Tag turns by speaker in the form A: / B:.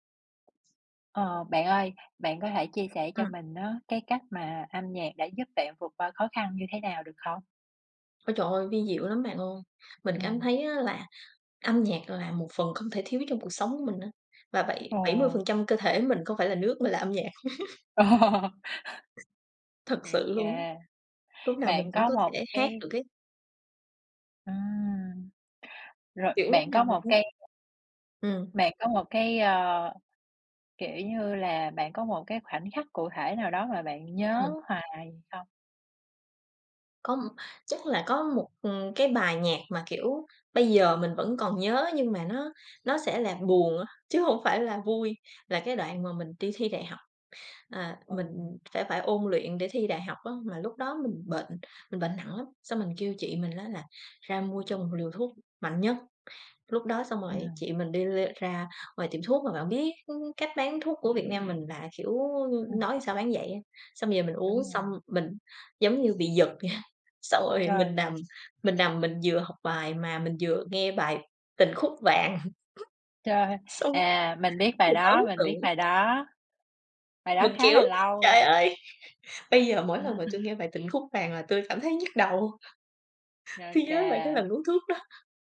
A: Ờ, bạn ơi, bạn có thể chia sẻ cho
B: Ừm.
A: mình á cái cách mà âm nhạc đã giúp bạn vượt qua khó khăn như thế nào được không?
B: Ôi trời ơi, vi diệu lắm bạn ơi. Mình cảm
A: Ừm.
B: thấy á là âm nhạc là một phần không thể thiếu trong cuộc sống của mình á, và bảy bảy mươi
A: Ồ.
B: phần trăm cơ thể mình không phải là nước mà là âm nhạc.
A: Ồ.
B: Thật sự
A: OK.
B: luôn. Lúc nào mình
A: Bạn
B: cũng
A: có
B: có
A: một
B: thể hát
A: cái
B: được ấy.
A: Ừm. Rồi,
B: Kiểu, lúc
A: bạn
B: nào
A: có
B: mình
A: một
B: cũng
A: cái
B: Ừm.
A: bạn có một cái, ờ, kiểu như là, bạn có một cái khoảnh khắc cụ thể nào đó mà bạn nhớ
B: Ừm.
A: hoài không?
B: Có một chắc là có một, ừm, cái bài nhạc mà, kiểu, bây giờ mình vẫn còn nhớ, nhưng mà nó nó sẽ là buồn á, chứ hông phải là vui. Là cái đoạn mà mình đi thi đại học. À, mình
A: Ừm.
B: sẽ phải ôn luyện để thi đại học á, mà lúc đó mình bệnh, mình bệnh nặng lắm. Xong mình kêu chị mình á là ra mua cho một liều thuốc mạnh nhất. Lúc đó xong rồi
A: Ừm.
B: chị mình đi r ra ngoài tiệm thuốc, mà bạn biết, ưm, cách bán thuốc của Việt Nam mình là, kiểu,
A: Ừm.
B: nói sao bán vậy á. Xong về mình uống
A: Đúng
B: xong
A: rồi.
B: mình giống như bị giật vậy. Xong rồi
A: Trời!
B: mình nằm, mình nằm, mình vừa học bài mà mình vừa nghe bài "Tình Khúc Vàng".
A: Trời!
B: Xong
A: À, mình biết bài
B: mình ấn
A: đó, mình
B: tượng.
A: biết bài đó. Bài đó
B: Mình
A: khá
B: kiểu:
A: là lâu
B: "Trời
A: rồi.
B: ơi!" Bây giờ mỗi lần mà tui nghe bài "Tình Khúc Vàng" là tui cảm thấy nhức đầu. Khi nhớ về cái lần
A: OK.
B: uống thuốc đó.